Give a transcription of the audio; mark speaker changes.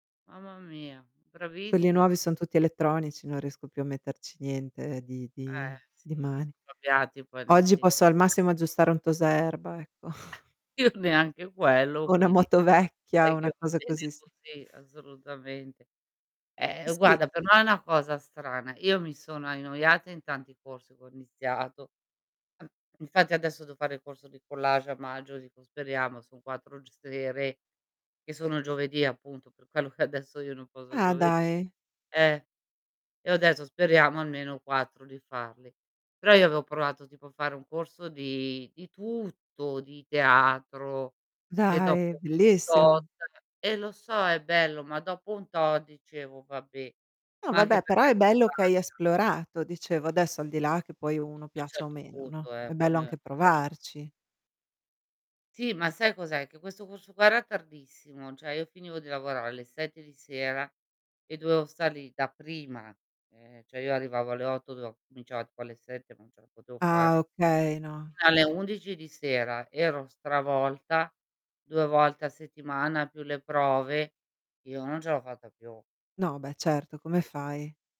Speaker 1: Mamma mia,
Speaker 2: Quelli
Speaker 1: bravissi
Speaker 2: nuovi son tutti elettronici, non riesco più a metterci niente di
Speaker 1: Eh
Speaker 2: di di
Speaker 1: sì,
Speaker 2: mani.
Speaker 1: sono cambiati poi nel
Speaker 2: Oggi
Speaker 1: tempo
Speaker 2: posso al
Speaker 1: eh.
Speaker 2: massimo aggiustare un tosaerba, ecco.
Speaker 1: Io neanche quello
Speaker 2: O una
Speaker 1: quindi,
Speaker 2: moto vecchia,
Speaker 1: direi che
Speaker 2: una
Speaker 1: va
Speaker 2: cosa
Speaker 1: bene
Speaker 2: così su
Speaker 1: così, assolutamente. Eh
Speaker 2: Sì.
Speaker 1: guarda per me è una cosa strana, io mi sono annoiata in tanti corsi che ho iniziato. Infatti adesso devo fare il corso di collage a maggio, dico speriamo son 4 g sere, che sono giovedì appunto per quello che adesso io non posso il
Speaker 2: Ah
Speaker 1: giovedì.
Speaker 2: dai.
Speaker 1: Eh. E io adesso speriamo almeno 4 di farli. Però io avevo provato tipo a fare un corso di di tutto, di teatro e dopo
Speaker 2: Dai,
Speaker 1: un tot
Speaker 2: bellissimo.
Speaker 1: eh lo so è bello, ma dopo un tot dicevo: "Vabbè",
Speaker 2: No
Speaker 1: ma anche
Speaker 2: vabbè, però
Speaker 1: perché
Speaker 2: è
Speaker 1: ero
Speaker 2: bello che hai
Speaker 1: stanca.
Speaker 2: esplorato, dicevo adesso al di là che poi uno
Speaker 1: Fino a un
Speaker 2: piaccia o
Speaker 1: certo
Speaker 2: meno, no,
Speaker 1: punto eh,
Speaker 2: è
Speaker 1: poi
Speaker 2: bello
Speaker 1: mi
Speaker 2: anche
Speaker 1: [unintelligible]
Speaker 2: provarci.
Speaker 1: Sì, ma sai cos'è? Che questo corso qua era tardissimo, cioè io finivo di lavorare alle 7 di sera e dovevo stare lì da prima, e cioè io arrivavo alle 8, do cominciava poi alle 7, non ce la potevo
Speaker 2: Ah
Speaker 1: fare.
Speaker 2: okay, no.
Speaker 1: Fino alle 11 di sera ero stravolta, 2 volte a settimana più le prove, io non ce l'ho fatta più. Eh.
Speaker 2: No, beh certo, come
Speaker 1: E stu
Speaker 2: fai?